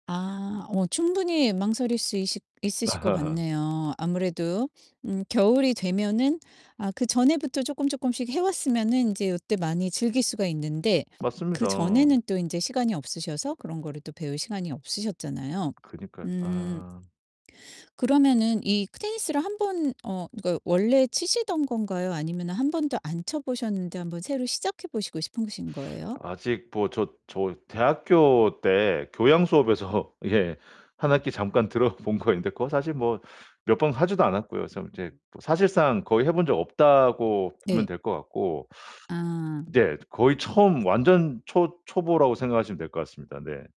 아 어 충분히 망설일 수 있시 있으실 것 아하하. 같네요. 아무래도 음 겨울이 되면은 아 그전에부터 쪼끔 쪼끔씩 해 왔으면은 인제 요때 많이 즐길 수가 있는데 맞습니다. 그전에는 또 인제 시간이 없으셔서 그런 거를 또 배울 시간이 없으셨잖아요. 그니까요. 음. 아. 그러면은 이 테니스를 한번 어 그러니까 원래 치시던 건가요? 아니면 1 번도 안 쳐 보셨는데 한번 새로 시작해 보시고 싶으신 거예요? 아직 뭐 저 저 대학교 때 교양수업에서 예 1 학기 잠깐 들어본 거 있는데 그거 사실 뭐 몇 번 하지도 않았고요. 그래서 이제 사실상 거의 해 본 적 없다고 보면 네. 될 것 같고. 아. 네 거의 처음 완전 초 초보라고 생각하시면 될 것 같습니다. 네.